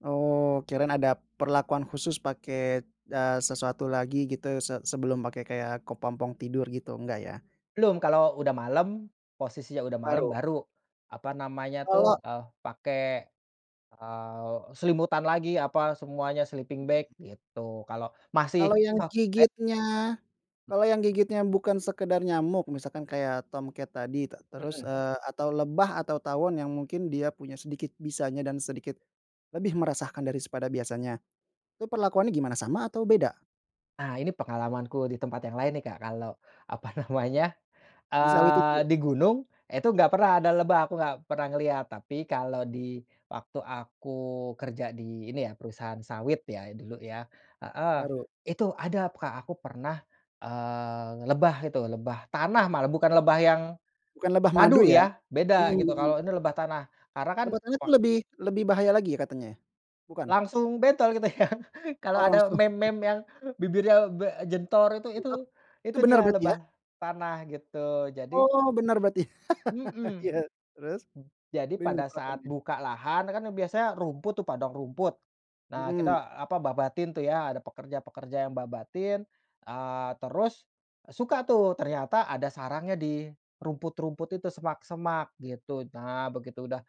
Oh kirain ada perlakuan khusus pakai, eee, sesuatu lagi gitu se sebelum pakai kayak kepompong tidur gitu, enggak ya? Belum, kalau udah malem, posisinya udah malem Baru? baru apa namanya tuh, Kalau eee, pakai, eee, selimutan lagi apa semuanya sleeping bag gitu kalo masih Kalau yang sore gigitnya kalau yang gigitnya bukan sekedar nyamuk misalkan kayak tomcat tadi ta terus, Mhm. eee, atau lebah atau tawon yang mungkin dia punya sedikit bisanya dan sedikit, lebih meresahan dari pada biasanya, itu perlakuannya gimana sama atau beda? Ah, ini pengalamanku di tempat yang lain nih Kak kalau apa namanya, Di sawit itu eee, ya? di gunung itu nggak pernah ada lebah aku gak pernah ngeliat, tapi kalau di waktu aku kerja di ini ya perusahaan sawit ya dulu ya, heeh, Baru. itu ada Kak aku pernah, eee, lebah itu lebah tanah malah bukan lebah yang Bukan lebah madu madu ya, ya mhm beda gitu, mhm. kalau ini lebah tanah karena kan Lebah tanah itu wak lebih lebih bahaya lagi ya katanya ya? Bukan? Langsung bentol gitu ya, kalau Oh ada langsung. meme meme yang bibirnya be jentor itu itu Mhm. Itu itu benar dia berarti ya? lebah tanah gitu, jadi Oh benar berarti Mhm. iya terus? Jadi pada saat [unintelligible] buka lahan kan biasanya rumput tuh padang rumput, nah kita, Mhm. eee, apa babatin tuh ya ada pekerja-pekerja yang babatin, eee, terus, suka tuh ternyata ada sarangnya di rumput-rumput itu semak-semak gitu. Nah begitu udah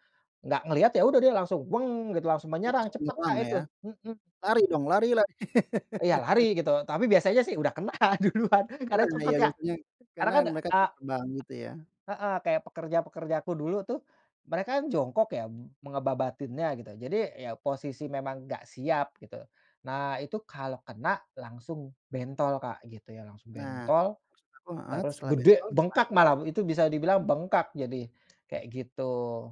nggak ngeliat, ya udah dia langsung langsung gitu langsung Oh menyerang langsung cepet menyerang Kak itu, ya, mhm. lari dong lari lari. Iya lari gitu, tapi biasanya sih udah kena duluan Tapi karena kena cepet ya ya, biasanya karena karena kan, mereka kan eee terbang gitu ya. Heeh, kayak pekerja-pekerja aku dulu tuh, mereka kan jongkok ya mu mengebabatinnya gitu, jadi ya posisi memang nggak siap gitu. Nah itu kalau kena langsung bentol Kak gitu ya, langsung Nah bentol, maksud aku heeh, terus setelah gede bentol gimana bengkak malah perlakuan itu bisa dibilang bengkak jadi kayak gitu.